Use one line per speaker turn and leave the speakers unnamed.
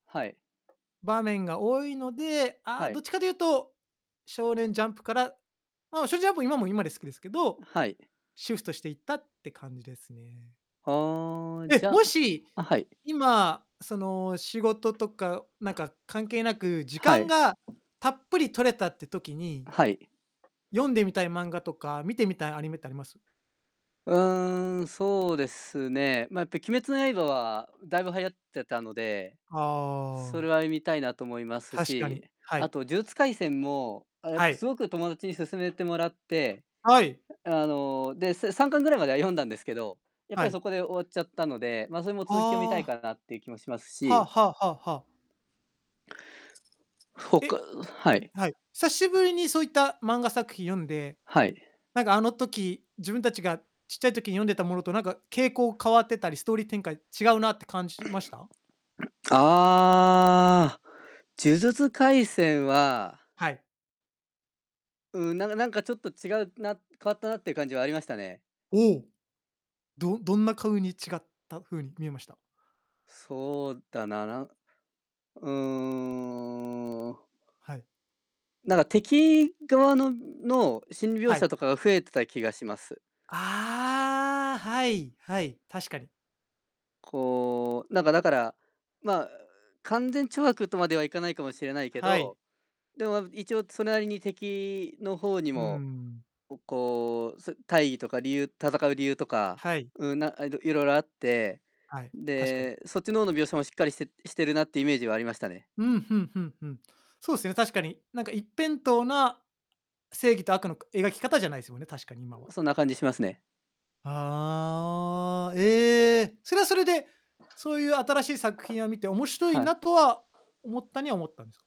はい。
場面が多いので、あ、
は
どっ
い。
ちかというと、少年ジャンプからま、しょジャンプ今も今で好きですけど、
はい。
シフトしていったって感じですね。
ああ、じ
え、
ゃ
もし、
あ、はい。
今その仕事とか、なんか関係なく時
は
間
い。
がたっぷり取れたって時に
はい。
読んでみたい漫画とか、見てみたいアニメってあります？
うーん、そうですね。ま、やっぱり鬼滅の刃はだいぶ流行ってたので、そ
あ
れ
あ。
は、い見たいなと思います
確か
し、
に、は
あ
い。
と呪術廻戦も、あ、やっ
は
ぱ
い。
すごく友達に勧めてもらって、
はい。
え、あの、で、せ3巻ぐらいまでは読んだんですけど、やっぱ
は
りそ
い。
こで終わっちゃったので、ま、それも続き読みたい
ああ。
かなっていう気もします
はあ
し。
はあはあはあ。
すほか
え
うはい。
はい。さしぶりにそういった漫画作品読んで、
はい。
なんかあの時、自分たちがちっちゃい時に読んでたものとなんか、傾向変わってたり、ストーリー展開違うなって感じました？
ああ、呪術廻戦は
はい。
うん、ながなんかちょっと違うな、変わったなっていう感じはありましたね。
おお。どどんなかうに違った風に見えました？
そうだな、なうーん。
はい。
なんか敵側のんの心理描
はい。
写とかが増えてた気がします。
ああ。はい、はい、確かに。
こう、なんかだから、ま、う勧善懲悪とまではいかないかもしれないけ
はい。
ど、でも、あ、一応それなりに敵の方に
う
も、
ん。
おこう、そ大義とか理由戦う理由とか、
はい。
う、なんえっと、いろいろあって、
はい、確かに。
で、そっちの方の描写もしっかりしてしてるなっていうイメージはありましたね。
うん、ふんふんふん。そうすね、確かに。なんか一辺倒な正義と悪の、く描き方じゃないすもんね。確かに今
う、
は。
そんな感じしますね。
ああ。え、それはそれで、そういう新しい作品を見て、面白い
はい。
なとは思ったには思ったんすか？